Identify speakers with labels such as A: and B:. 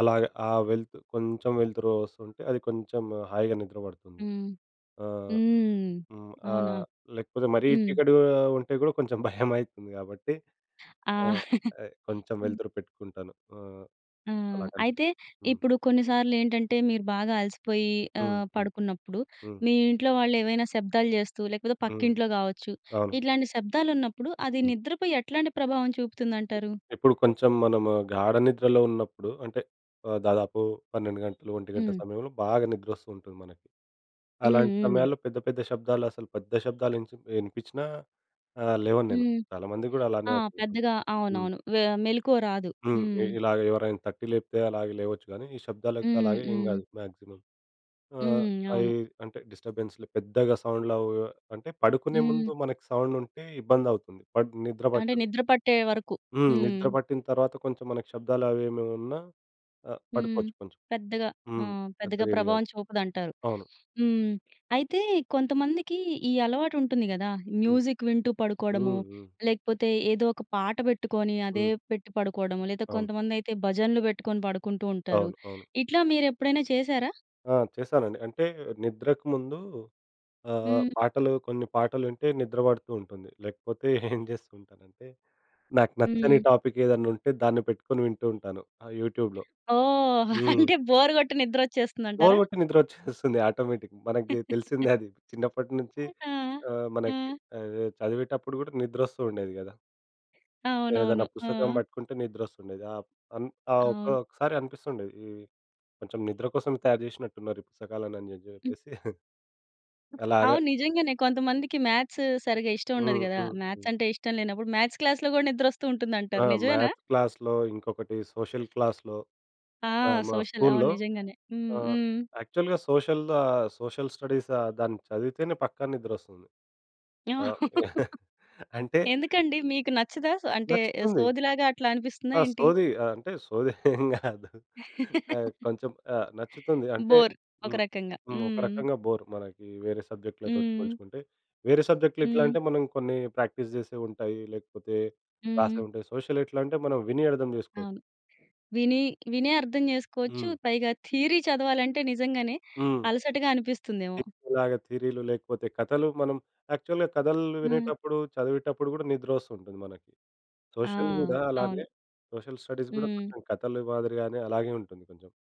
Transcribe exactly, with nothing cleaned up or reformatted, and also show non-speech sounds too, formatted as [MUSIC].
A: అలాగ ఆ వెల్త్ కొంచెం వెల్తురోస్తుంటే అది కొంచెం హాయిగా నిద్ర పడుతుంది.
B: హ్మ్.
A: ఆహ్,
B: హ్మ్.
A: హ్మ్,
B: అవునా?
A: ఆహ్, లేకపోతే మరీ
B: హ్మ్.
A: చీకటిగా ఉంటే గూడా కొంచెం భయమయతుంది గాబట్టి.
B: ఆ!
A: ఆహ్, ఆహ్,
B: [CHUCKLES]
A: కొంచెం
B: హ్మ్.
A: వెల్తురు పెట్టుకుంటాను. ఆహ్,
B: ఆ!
A: అలా కనిపి
B: అయితే
A: హ్మ్.
B: ఇప్పుడు కొన్నిసార్లేంటంటే మీరు బాగా అలసిపోయి
A: హ్మ్.
B: ఆహ్,
A: హ్మ్.
B: పడుకున్నప్పుడు.
A: హ్మ్.
B: మీ ఇంట్లో వాళ్లేవైనా శబ్దాలు చేస్తూ, లేకపోతే
A: హ్మ్.
B: పక్కింట్లో కావచ్చు.
A: అవును.
B: ఇట్లాంటి శబ్దాలున్నప్పుడు అది
A: హ్మ్.
B: నిద్రపై ఎట్లాంటి ప్రభావం చూపుతుందంటారు?
A: ఇప్పుడు కొంచెం మనము గాఢ నిద్రలో ఉన్నప్పుడు అంటే ఆహ్, దాదాపు పన్నెండు గంటలు ఒంటి గంట
B: హ్మ్.
A: సమయంలో బాగా నిద్రొ‌స్తూంటుంది మనకి.
B: హ్మ్.
A: అలాంటి
B: హ్మ్.
A: సమయాల్లో పెద్ద పెద్ద శబ్దాలు అసలు పెద్ద శబ్దాలు ఇంచ్ ఇనిపిచ్చినా ఆహ్, లేవను నేను.
B: హ్మ్.
A: చాలామందిగూడా అలానే
B: ఆ
A: అవుతుంటుంది.
B: పెద్దగా.
A: హ్మ్.
B: అవునవును. వె మెలుకువ రాదు.
A: హ్మ్. ఇ
B: హ్మ్.
A: ఇలాగ ఎవరైనా తట్టి లేపితే అలాగ లేవచ్చు గానీ, ఈ శబ్దాలకి
B: హ్మ్,
A: అలాగ ఏం
B: హ్మ్.
A: కాదు మాక్సిమం. ఆహ్,
B: హ్మ్.
A: ఐ
B: అవును.
A: అంటే డిస్టర్బెన్స్‌లు పెద్దగా సౌండ్లు అవు అంటే పడుకునే
B: హ్మ్.
A: ముందు మనకి సౌండుంటే ఇబ్బందౌతుంది. బట్ నిద్ర
B: అంటే
A: పట్టదు.
B: నిద్ర పట్టే వరకు.
A: హ్మ్.
B: హ్మ్.
A: నిద్ర పట్టినతర్వాత కొంచెం మనకి శబ్దాలవి ఏమివున్నా ఆహ్,
B: హ్మ్.
A: పడుకోవచ్చు కొంచెం.
B: పెద్దగా ఆ!
A: హ్మ్.
B: పెద్దగా
A: పెద్దగా ఇది కాదు.
B: ప్రభావం చూపదంటారు. [SNIFFS]
A: అవును.
B: హ్మ్. అయితే కొంతమందికి ఈ అలవాటుంటుంది కదా.
A: హ్మ్.
B: మ్యూజిక్ వింటూ పడుకోడము.
A: హ్మ్. హ్మ్.
B: లేకపోతే ఏదో ఒక పాట పెట్టుకొని అదే
A: హ్మ్.
B: పెట్టి పడుకోడము. లేదా
A: అవును.
B: కొంతమందైతే భజనలు పెట్టుకొని పడుకుంటూంటారు.
A: అవును. అవును.
B: ఇట్లా మీరెప్పుడైనా చేశారా?
A: ఆ! చేస్తానండి. అంటే, నిద్రకు ముందు ఆహ్,
B: హ్మ్.
A: పాటలు కొన్ని పాటలు వింటే నిద్ర బడుతూ ఉంటుంది. లేకపోతే ఏం [CHUCKLES] చేస్తూంటానంటే, నాకు నచ్చని
B: హ్మ్.
A: టాపిక్ ఏదన్న ఉంటే దాన్ని పెట్టుకొని వింటూ ఉంటాను. ఆ యూట్యూబ్‌లో.
B: ఓహ్!
A: హ్మ్.
B: అంటే బోర్ కొట్టి నిద్ర
A: బోర్
B: వచ్చేస్తుందంటారా?
A: గొట్టి నిద్రొ‌చ్చేస్తుంది ఆటోమేటిక్‌. మనకి తెలిసిందే అది. చిన్నప్పటి నుంచి
B: ఆ!
A: ఆహ్, మనకి
B: ఆ!
A: ఆహ్, చదివేటప్పుడు కూడా నిద్ర వస్తు ఉండేది గదా? ఏదన్నా
B: అవునవును. ఆ!
A: పుస్తకం పట్టుకుంటే ని‌ద్రొ‌స్తూండేది. ఆహ్, అన్ ఆ
B: అవును.
A: ఒకొక్కసారి అనిపిస్తుండేది, ఈ కొంచెం నిద్ర కోసం తయారు చేసినట్టున్నారు ఈ పుస్తకాలు అని జే
B: హ్మ్.
A: జేప్పేసి. [CHUCKLES] అలాగ
B: అవును. నిజంగానే. కొంతమందికి మ్యాథ్స్ సరిగ్గా ఇష్టముండదు
A: హ్మ్.
B: గదా.
A: హ్మ్.
B: మ్యాథ్స్
A: హ్మ్.
B: అంటే ఇష్టం లేనప్పుడు మ్యాథ్స్ క్లాస్‌లో కూడా
A: ఆ!
B: ని‌ద్రొ‌స్తూంటుందంటారు నిజమేనా?
A: మ్యాథ్స్ క్లాస్‌లో ఇంకొకటి సోషల్ క్లాస్‌లో
B: ఆ!
A: ఆహ్, మా
B: సోషల్. అవును.
A: స్కూల్‌లో
B: నిజంగానే. హ్మ్.
A: ఆహ్,
B: హ్మ్.
A: యాక్చువల్‌గా సోషల్, ఆహ్, సోషల్ స్టడీస్ ఆహ్, దాన్ని చదివితేనే పక్క ని‌ద్రొ‌స్తుంది.
B: ఏమ
A: ఆహ్,
B: [LAUGHS]
A: [GIGGLES] అంటే.
B: ఎందుకండి మీకు నచ్చదా? సో అంటే
A: నచ్చుతుంది.
B: సోది లాగా అట్లా అనిపిస్తుందా
A: ఆ!
B: ఏంటి?
A: సోది. ఆ! అంటే సోది [CHUCKLES] ఏం గాదు. ఆహ్,
B: [LAUGHS]
A: కొంచెం ఆహ్, నచ్చుతుంది. అంటే
B: బోర్ ఒక
A: హ్మ్.
B: రకంగా.
A: హ్మ్. ఒక
B: హ్మ్.
A: రకంగా బోర్, మనకి వేరే సబ్జెక్ట్‌లతోటి
B: హ్మ్.
A: పోల్చుకుంటే. వేరే సబ్జెక్ట్‌లెట్లా
B: హ్మ్.
A: అంటే మనం కొన్ని ప్రాక్టీస్ జేసేవూంటాయి. లేకపోతే
B: హ్మ్.
A: రాసేవుంటాయి సోషల్ ఎట్లా అంటే మనం విని అర్థం జేసుకోవచ్చు.
B: అవును. విని వినే అర్థం జేసుకోవచ్చు.
A: హ్మ్.
B: పైగా థియరీ చదవాలంటే నిజంగానే
A: హ్మ్.
B: అలసటగా అనిపిస్తుందేమో!
A: ఇప్పుడులాగా థియరీ‌లు లేకపోతే కథలు మనం యాక్చువల్‌గా కథలు
B: హ్మ్.
A: వినేటప్పుడు, చదివేటప్పుడు కూడా నిద్రొ‌స్తూంటుంది మనకి.
B: ఆ!
A: సోషల్ గూడా
B: అవును.
A: అలానే సోషల్ స్టడీస్ గూడా
B: హ్మ్.
A: కొంచెం కథలు మాదిరిగానే అలాగే ఉంటుంది కొంచెం.